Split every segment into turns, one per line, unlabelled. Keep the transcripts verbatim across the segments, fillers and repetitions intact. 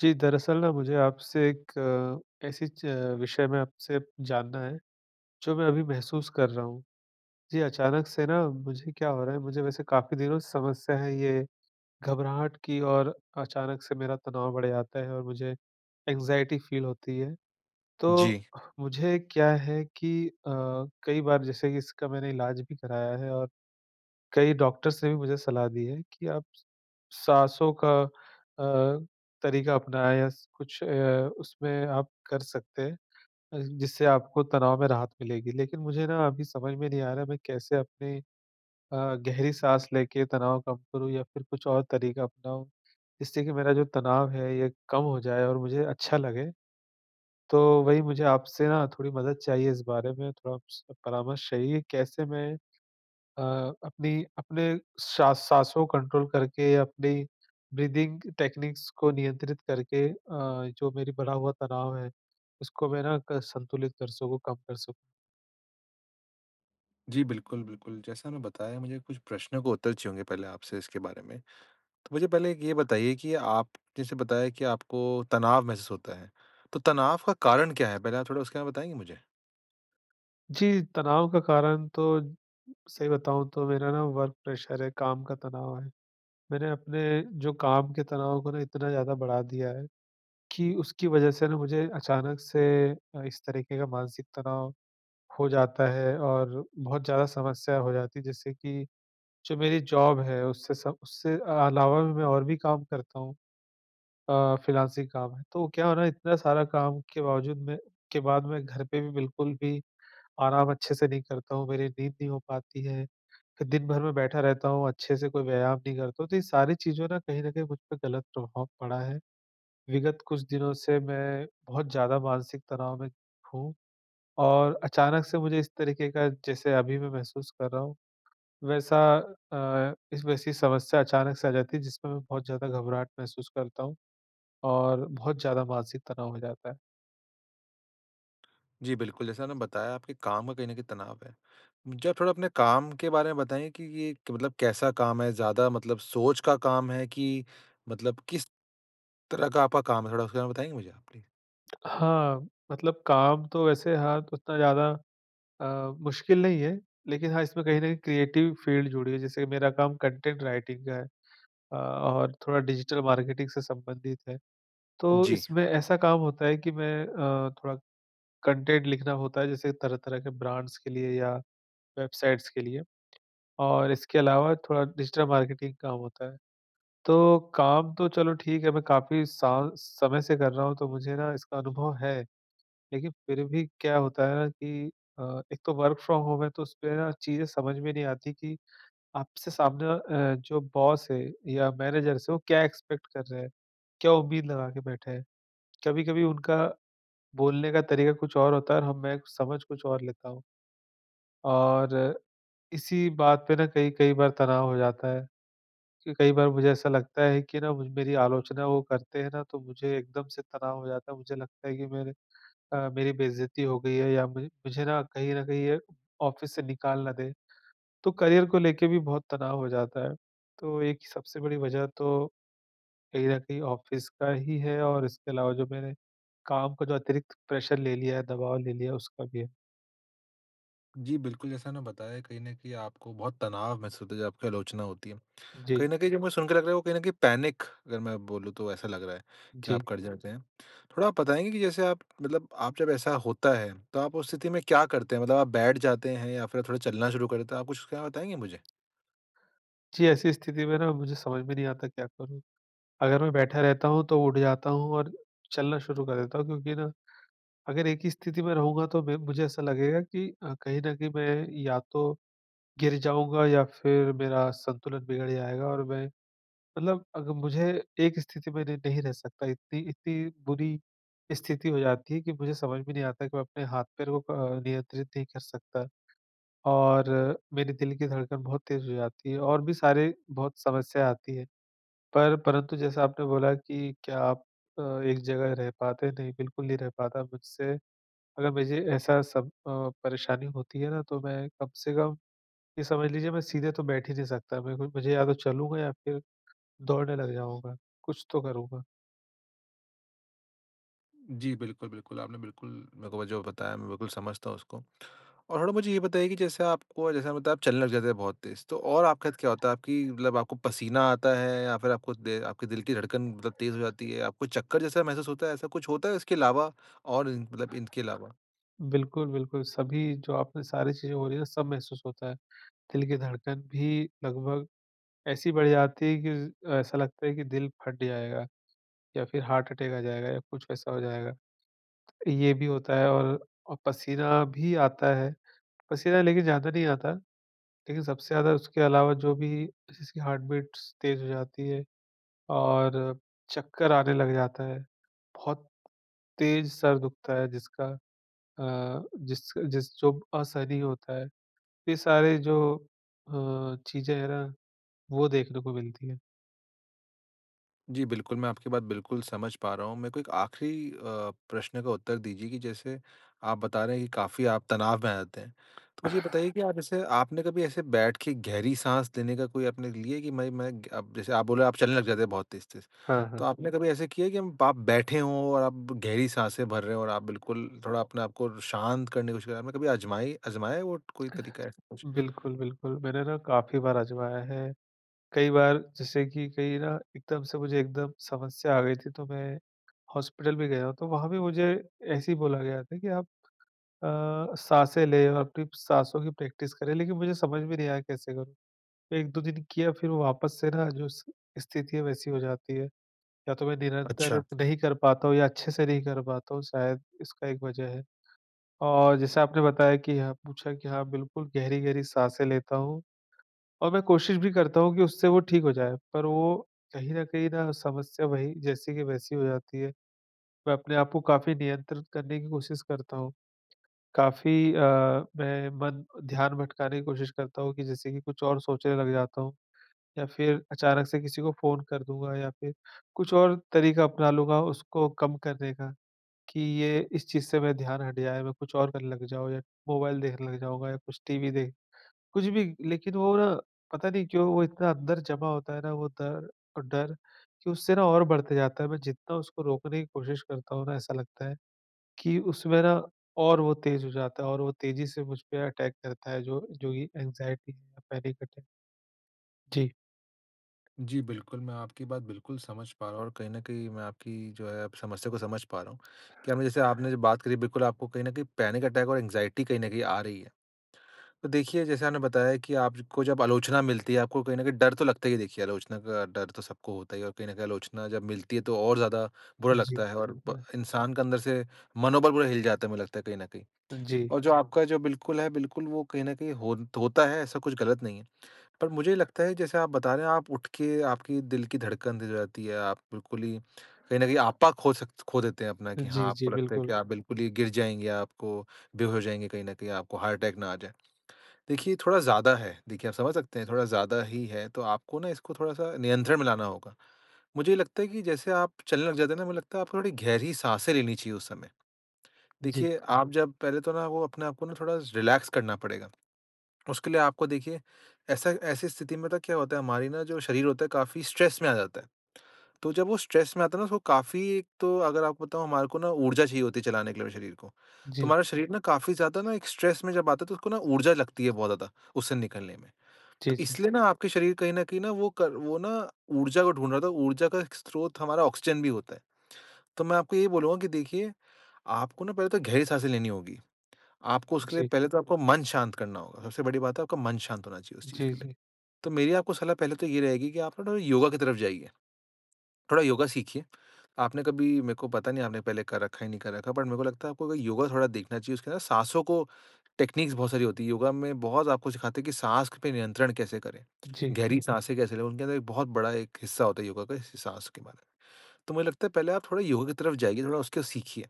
जी। दरअसल ना मुझे आपसे एक अ, ऐसी च विषय में आपसे जानना है, जो मैं अभी महसूस कर रहा हूँ। जी, अचानक से ना मुझे क्या हो रहा है मुझे वैसे काफ़ी दिनों से समस्या हैं ये, घबराहट की और अचानक से मेरा तनाव बढ़ जाता है और मुझे एंग्ज़ायटी फ़ील होती है। तो
जी।
मुझे क्या है कि अ, कई बार जैसे कि इसका मैंने इलाज भी कराया है और कई डॉक्टर्स से भी मुझे सलाह दी है कि आप स साँसों का अ, तरीका अपनाएँ या स कुछ अ, उसमें आप कर सकते हैं अ, जिससे आपको तनाव में राहत मिलेगी। लेकिन मुझे ना अभी समझ में नहीं आ रहा है मैं कैसे अपनी अ, गहरी साँस लेके तनाव कम करूँ या फिर कुछ और तरीका अपनाऊँ, जिससे कि मेरा जो तनाव है ये कम हो जाए और मुझे अच्छा लगे। तो वही मुझे आपसे ना थोड़ी मदद चाहिए इस बारे में थोड़ा-सा परामर्श चाहिए कैसे मैं अ, अपनी अपने सा साँसों को कंट्रोल करके अपने ब्रीदिंग टेक्नीक्स को नियंत्रित करके अ, जो मेरी बड़ा हुआ तनाव है, उसको मैं ना क संतुलित कर सकूँ, कम कर सकूँ।
जी। बिल्कुल, बिल्कुल। जैसा मैं बताया मुझे कुछ प्रश्नों का उत्तर चाहिए होंगे पहले आपसे इसके बारे में। तो मुझे पहले एक ये बताइए कि आप जैसे बताया कि आप आपको तनाव महसूस होता है, तो तनाव का कारण क्या है? पहले आप थोड़ा उसके बारे में बताएँगे मुझे?
जी, तनाव का कारण तो सही बताऊँ तो मेरा ना वर्क प्रैशर है काम का तनाव है। मैंने अपने जो काम के तनाव को ना इतना ज़्यादा बढ़ा दिया है, कि उसकी वजह से ना मुझे अचानक से अ, इस तरीके का मानसिक तनाव हो जाता है और बहुत ज़्यादा समस्या हो जाती है जिससे कि जो मेरी जॉब है उससे सब से अलावा मैं और भी काम करता हूँ अ, फ्रीलांसिंग काम है। तो क्या हुआ ना इतना सारा काम के बावजूद मैं के बाद मैं घर पे भी बिल्कुल भी आराम अच्छे से नहीं करता हूँ, मेरी नींद नहीं हो पाती है। तो दिन भर में बैठा रहता हूँ अच्छे से कोई व्यायाम नहीं करता हूँ। तो ये सारी चीज़ों ना कहीं न कहीं मुझ पे गलत प्रभाव पड़ा है। विगत कुछ दिनों से मैं बहुत ज़्यादा मानसिक तनाव में हूँ, और अचानक से मुझे इस तरीके का जैसे अभी मैं महसूस कर रहा हूँ वैसा अ, इसमें ऐसी समस्या अचानक से आ जाती है जिसमें मैं बहुत ज़्यादा घबराहट महसूस करता हूँ, और बहुत ज़्यादा मानसिक तनाव हो जाता है।
जी, बिल्कुल, जैसा आपने बताया आपके काम का कहीं न कहीं तनाव है। मुझे आप थोड़ा अपने काम के बारे में बताएँगे कि ये मतलब कैसा काम है, ज़्यादा मतलब सोच का काम है कि मतलब किस तरह का आपका काम है? थोड़ा उसके बारे में बताएँगे मुझे आप, प्लीज़।
हाँ, मतलब काम तो वैसे हाँ, उतना ज़्यादा अ, मुश्किल नहीं है लेकिन हाँ, इसमें कहीं न क्रिएटिव फ़ील्ड जुड़ी है। जैसे मेरा काम कॉन्टेंट राइटिंग का है अ, और थोड़ा डिजिटल मार्केटिंग से संबंधित है, तो
जी।
इसमें ऐसा काम होता है कि मैं अ, थोड़ा कॉन्टेंट लिखना होता है, जैसे तरह-तरह के ब्रांड्स के लिए या वेबसाइट्स के लिए, और इसके अलावा थोड़ा डिजिटल मार्केटिंग काम होता है। तो काम तो चलो ठीक है, मैं काफ़ी सा समय से कर रहा हूँ, तो मुझे ना इसका अनुभव है। लेकिन फिर भी क्या होता है ना कि अ, एक तो वर्क फ्रॉम होम है, तो उसमें ना चीज़ें समझ में नहीं आती कि आपसे सामने अ, जो बॉस है या मैनेजर्स हैं, वो क्या एक्सपेक्ट कर रहे हैं, क्या उम्मीद लगा के बैठे हैं। कभी-कभी उनका बोलने का तरीक़ा कुछ और होता है और हम मैं समझ कुछ और लेता हूँ। और इसी बात पे ना कई-कई बार तनाव हो जाता है, क्यों कई बार मुझे ऐसा लगता है कि ना मुझ मेरी आलोचना वो करते हैं ना, तो मुझे एकदम से तनाव हो जाता है। मुझे लगता है कि मैंने अ, मेरी बेइज़्जती हो गई है या मे मुझे ना कहीं न कहीं ये ऑफ़िस से निकाल ना दें। तो करियर को लेके भी बहुत तनाव हो जाता है। तो एक सबसे बड़ी वज़ह तो कहीं न कहीं ऑफिस का ही है, और इसके अलावा जो मैंने काम का जो अतिरिक्त प्रेशर ले लिया है, दबाव ले लिया है, उसका भी है।
जी, बिल्कुल. जैसा आपने बताया कहीं न कहीं आपको बहुत तनाव महसूस होता जब आपकी आलोचना होती है।
जी।
कहीं न कहीं जो मुझे सुन के लग रहा है वो कहीं न कहीं पैनिक अगर मैं बोलूँ तो ऐसा लग रहा है, कि आप
जी।
कर जातें हैं। थोड़ा आप बताएँगे कि जैसे आप मतलब आप जब ऐसा होता है तो आप उस स्थिति में क्या करते हैं? मतलब आप बैठ जाते हैं या फिर आप थोड़ा चलना शुरू करते हैं, आप कुछ क्या बताएँगे मुझे?
जी. ऐसी स्थिति में ना मुझे समझ में नहीं आता क्या करूँ? अगर मैं बैठा रहता हूँ तो उठ जाता हूँ और चलना शुरू कर देता हूँ क्योंकि ना, अगर एक ही स्थिति में रहूँगा तो मैं मुझे ऐसा लगेगा कि अ, कहीं न कहीं मैं या तो, गिर जाऊँगा या फिर मेरा संतुलन बिगड़ जाएगा। और मैं मतलब अग मुझे एक स्थिति में न नहीं रह सकता, इत्ती इत्ती बुरी स्थिति हो जाती है कि मुझे समझ में नहीं आता कि मैं अपने हाथ-पैर को अ, नियंत्रित नहीं कर सकता, और मेरे दिल की धड़कन बहुत तेज़ हो जाती है और भी सारे बहुत समस्या आती हैं। पर परंतु जैसा आपने बोला कि क्या आप अ, एक जगह रह पाते, नहीं बिल्कुल नहीं रह पाता मुझसे अगर मुझे ऐसा सब अ, परेशानी होती है ना तो मैं कम से कम ये समझ लीजिए मैं सीधे तो बैठ ही नहीं सकता। मैं मुझे या तो चलूँगा या फिर दौड़ने लग जाऊँगा, कुछ तो करूँगा।
जी, बिल्कुल, बिल्कुल। आपने बिल्कुल मेरे को जो बताया मैं बिल्कुल समझता हूँ उसको। और मुझे ये बताइए कि जैसे आपको जैसे आपने बताया आप चलने लग जाते हैं बहुत तेज़, तो और आपके साथ क्या होता है आपकी मतलब आपको पसीना आता है? या फिर आपको दे आपके दिल की धड़कन मतलब तेज़ हो जाती है? आपको चक्कर जैसा महसूस होता है? ऐसा कुछ होता है इसके अलावा और मतलब इनके अलावा?
बिल्कुल, बिल्कुल। सभी जो आपने सारी चीज़ें हो रही हैं ना सब महसूस होता है। दिल की धड़कन भी लगभग ऐसी बढ़ जाती है कि, ज़ ऐसा लगता है कि दिल फट जाएगा या फिर हार्ट अटैक आ जाएगा या कुछ वैसा हो जाएगा। ये भी होता है और औ पसीना भी आता है, पसीना लेकिन ज़्यादा नहीं आता। लेकिन सबसे ज़्यादा उसके अलावा जो भी जैसे जिसकी हार्ट बीट्स तेज़ हो जाती है और चक्कर आने लग जाता है, बहुत तेज़ सर दुखता है जिसका अ, जिस जिस जो असहनीय होता है। ये सारे जो अ, चीज़ें हैं ना वो देखने को मिलती हैं।
जी, बिल्कुल। मैं आपकी बात बिल्कुल समझ पा रहा हूँ। मेरे को एक आख़िरी अ, प्रश्न का उत्तर दीजिए कि जैसे आप बता रहे हैं कि काफ़ी आप तनाव में आ जाते हैं। तो मुझे ये बताइए कि आप जैसे आपने कभी ऐसे बैठ के गहरी साँस देने का कोई आपने लिया कि मैं मैं जैसे आप बोले आप चलने लग जाते हैं बहुत तेज़-तेज़।
हाँ, हाँ।
तो आपने कभी ऐसा किया है कि आप बैठे हो और आप गहरी साँसें भर रहे हो और आप बिल्कुल थोड़ा अपने आप को शांत करने की कोशिश कर रहे? कभी आज़माएँ आज़माएँ वो कोई
अह।
तरीका है ऐसा कुछ?
बिल्कुल, बिल्कुल। मैंने ना काफ़ी बार आज़माया है। कई बार जैसे कि कहीं ना एकदम से मुझे एकदम समस्या आ गई थी तो मैं, हॉस्पिटल भी गया हूँ, तो वहाँ भी मुझे ऐसे ही बोला गया था कि आप अ, साँसें लें अपनी साँसों की प्रैक्टिस करें लेकिन मुझे समझ में नहीं आया कैसे करूँ। एक-दो दिन किया फिर वापस से ना जो स्थिति है वैसी हो जाती है या तो मैं निरंतर
अच्छा।
नहीं कर पाता हूँ या अच्छे से नहीं कर पाता हूँ, शायद इसका एक वजह है। और जैसा आपने बताया कि यहाँ पूछा कि हाँ बिल्कुल, गहरी-गहरी साँसें लेता हूँ और मैं कोशिश भी करता हूँ कि उससे वो ठीक हो जाए। पर वो कहीं न कहीं ना समस्या वही, जैसी की वैसी हो जाती है। मैं अपने आप को काफ़ी नियंत्रित करने की कोशिश करता हूँ। काफ़ी अ, मैं मन ध्यान भटकाने की कोशिश करता हूँ कि जैसे कि कुछ और सोचने लग जाता हूँ या फिर अचानक से किसी को फ़ोन कर दूँगा या फिर कुछ और तरीका अपना लूँगा उसको कम करने का कि, ये इस चीज़ से मैं ध्यान हट जाए। मैं कुछ और करने लग जाऊँ या मोबाइल देखने लग जाऊँगा या कुछ टीवी देख कुछ भी लेकिन वो ना पता नहीं क्यों, वो इतना अंदर जमा होता है ना वो दर डर कि उससे ना और बढ़ते जाता है। मैं जितना उसको रोकने की कोशिश करता हूँ ना ऐसा लगता है, कि उसमें ना और वो तेज़ हो जाता है और वो तेज़ी से मुझपे अटैक करता है जो जो ये एंग्जयटी या पैनिक अटैक। जी।
जी, बिल्कुल। मैं आपकी बात बिल्कुल समझ पा रहा हूँ और कहीं न कहीं मैं आपकी जो है समस्या को समझ पा रहा हूँ। क्या मैं जैसे आपने बात करी बिल्कुल आपको कहीं न कहीं पैनिक अटैक और एंग्जायटी कहीं न कहीं आ रही है। तो देखिए जैसे आपने बताया कि आप ज को जब आलोचना मिलती है आपको कहीं न कहीं डर तो लगता ही है, देखिए आलोचना का डर तो सबको होता ही है और कहीं न कहीं आलोचना जब मिलती है तो और ज़्यादा बुरा
जी,
लगता है और ब
हाँ।
इंसान का अंदर से मनोबल पूरा हिल जाता है मुझे लगता है कहीं न कहीं।
जी।
और जो आपका जो बिल्कुल है, बिल्कुल वो कहीं न कहीं होता है ऐसा कुछ ग़लत नहीं है। पर मुझे लगता है जैसे आप बता रहे हैं आप उठ के आपकी दिल की धड़कन तेज़ हो जाती है। आप बिल्कुल ही कहीं न कहीं आपा खो सक खो देते हैं अपना कि हाँ,
जी, जी
आपको लगता है कि
बिल्कुल।
आप बिल्कुल ही गिर जाएँगे। आपको बेहोश हो जाएँगे, कहीं न कहीं आपको हार्ट अटैक ना आ जाए। देखिए थोड़ा ज़्यादा है, देखिए आप समझ सकते हैं थोड़ा ज़्यादा ही है तो आपको ना इसको थोड़ा सा नियंत्रण में लाना होगा। मुझे ये लगता है कि जैसे आप चलने लग जाते हैं ना मुझे लगता है आपको थोड़ी गहरी साँसें लेनी चाहिए उस समय।
जी।
देखिए आप जब पहले तो ना वो अपने आप को ना थोड़ा रिलैक्स करना पड़ेगा, उसके लिए आपको देखिए ऐसा ऐसी स्थिति में तो क्या होता है, हमारी ना जो शरीर होता है काफ़ी स्ट्रेस में आ जाता है। तो जब वो स्ट्रेस में आता है ना उसको काफ़ी एक तो अगर आपको बताऊँ हमारे को ना ऊर्जा चाहिए होती है चलाने के लिए हमें शरीर को। तो
जी।
हमारा शरीर ना काफ़ी ज़्यादा ना एक स्ट्रेस में जब आता है तो उसको ना ऊर्जा लगती है बहुत ज़्यादा उससे निकलने में।
जी,
तो
जी।
इसलिए ना आपके शरीर कहीं न कहीं ना वो क वो ना ऊर्जा को ढूँढ रहा था, ऊर्जा का स्रोत हमारा ऑक्सीजन भी होता है। तो मैं आपको यही बोलूँगा कि देखिए, आपको ना पहले तो गहरी साँसें लेनी होगी, आपको उसके लिए
जी।
पहले तो आपको मन शांत करना होगा, सबसे बड़ी बात है आपका मन शांत होना चाहिए उस चीज़
जी,
के लिए।
जी।
तो मेरी आपको सलाह पहले तो ये रहेगी कि आप थोड़ा योगा की तरफ जाइए, थोड़ा योगा सीखिए। आपने कभी मेरे को पता नहीं आपने पहले कर रखा है या नहीं कर रखा है बट मेरे को लगता है आप योगा थोड़ा देखना चाहिए उसके अंदर साँसों को टेक्निक्स बहुत सारी होती है। योगा में बहुत आपको सिखाते हैं कि साँस पे नियंत्रण कैसे करें,
जी।
गहरी साँसें कैसे लें, उनके अंदर एक बहुत बड़ा एक हिस्सा होता है योगा का इस साँस के बारे में। तो मुझे लगता है पहले आप थोड़ा योगा की तरफ जाइए, थोड़ा उसके सीखिए।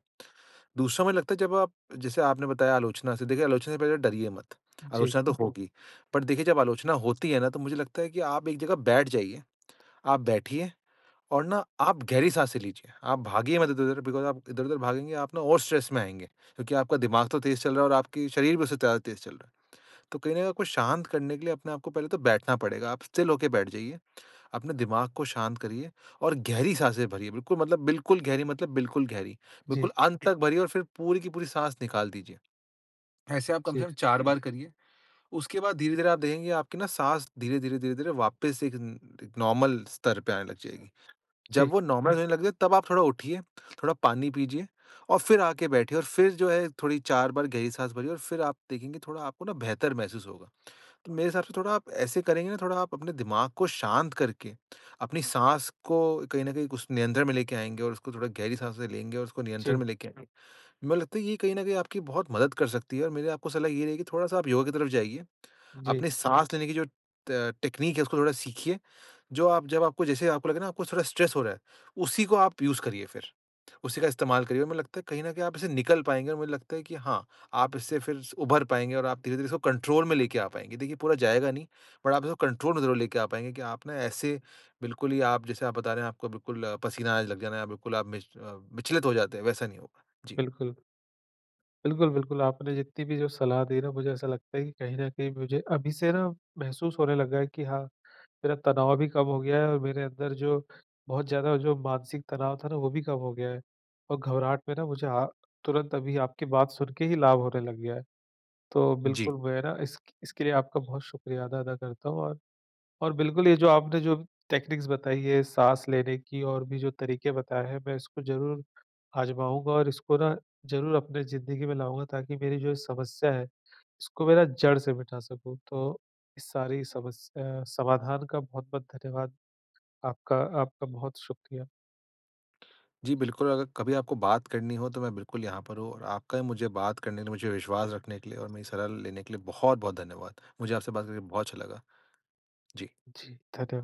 दूसरा मुझे लगता है जब आप जैसे आपने बताया आलोचना से देखिए आलोचना से पहले डरिए मत।
जी।
आलोचना तो होगी। पर देखिए जब आलोचना होती है ना तो मुझे लगता है कि आप एक जगह बैठ जाइए। आप बैठिए और ना आप गहरी साँसे लीजिए, आप भागिए मत इधर-उधर बिकॉज़ आप इधर-उधर भागेंगे आप ना और स्ट्रेस में आएँगे। क्योंकि आपका दिमाग तो तेज़ चल रहा है और आपके शरीर भी उससे ज़्यादा तेज़ चल रहा है। तो कहीं न कहीं आपको शांत करने के लिए अपने आपको पहले तो बैठना पड़ेगा। आप स्टिल होकर बैठ जाइए, अपने दिमाग को शांत करिए और गहरी साँसें भरिए, बिल्कुल मतलब बिल्कुल गहरी मतलब बिल्कुल गहरी,
जी।
बिल्कुल अंत तक भरिए और फिर पूरी की पूरी साँस निकाल दीजिए। ऐसे आप कम से
जी।
कम चार बार करिए। उसके बाद धीरे-धीरे आप देखेंगे आपकी ना साँस धीरे-धीरे-धीरे-धीरे वापस एक न नॉर्मल स्तर पर आने लग जाएगी। जब
जी।
वो नॉर्मल होने लग जाए तब आप थोड़ा उठिए, थोड़ा पानी पीजिए और फिर आके बैठिए और फिर जो है थोड़ी चार बार गहरी साँस भरिए और फिर आप देखेंगे थोड़ा आपको ना बेहतर महसूस होगा। तो मेरे हिसाब से थोड़ा आप ऐसे करेंगे ना थोड़ा आप अपने दिमाग को शांत करके, अपनी साँस को कहीं न कहीं कुछ नियंत्रण में लेके आएँगे और उसको थोड़ा गहरी साँसे लेंगे और उसको नियंत्रण
जी।
में लेके आएँगे। मैं लगता है ये कहीं न कहीं आपकी बहुत मदद कर सकती है। और मेरी आपको सलाह ये रहेगी कि थोड़ा सा आप योगा की तरफ जाइए,
जी।
अपनी साँस लेने की जो त टेक्निक है उसको थोड़ा सीखिए। जो आप जब आपको जैसे आपको लगे ना आपको थोड़ा स्ट्रेस हो रहा है, उसी को आप उसे करिए फिर। उसी का इस्तेमाल करिए और मुझे लगता है कहीं न कहीं आप इससे निकल पाएँगे और मुझे लगता है कि हाँ, आप इससे फिर उभर पाएँगे और आप धीरे-धीरे इसको कंट्रोल में लेके आ पाएँगे। देखिए पूरा जाएगा नहीं, बट आप इसको कंट्रोल में ज़रूर लेके आ पाएँगे कि आप ना ऐसे, बिल्कुल ही आप जैसे आप बता रहे हैं आपको बिल्कुल, पसीना आने लग जाना या बिल्कुल आप विच अ, विचलित हो जाते हैं, वैसा नहीं होगा। जी।
बिल्कुल। बिल्कुल, बिल्कुल। आपने जितनी भी जो सलाह दी ना मुझे ऐसा लगता है कि कहीं न कहीं मुझे अभी से ना, महसूस होने लगा है कि हाँ, मेरा तनाव भी कम हो गया है और मेरे अंदर जो बहुत ज़्यादा जो मानसिक तनाव था ना वो भी कम हो गया है। और घबराहट में ना मुझे अ, तुरंत अभी आपकी बात सुन के ही लाभ होने लग गया है। तो
जी।
बिल्कुल मैं ना इस इसके लिए आपका बहुत शुक्रिया अदा अदा करता हूँ। और और बिल्कुल ये जो आपने जो टेक्निक्स बताई है, साँस लेने की और भी जो तरीके बताए हैं, मैं इसको ज़रूर आज़माऊँगा और इसको ना ज़रूर अपने ज़िंदगी में लाऊँगा, ताकि मेरी जो समस्या है इसको मैं ना जड़ से मिटा सकूँ। तो इस सारी समस्या समाधान का बहुत-बहुत धन्यवाद। आपका आपका बहुत शुक्रिया।
जी, बिल्कुल। अगर कभी आपको बात करनी हो, तो मैं बिल्कुल यहाँ पर हूँ। और आपका मुझे बात करने के लिए, मुझे विश्वास रखने के लिए और मेरी सलाह लेने के लिए बहुत-बहुत धन्यवाद। मुझे आपसे बात करके बहुत अच्छा लगा। जी।
जी, धन्यवाद।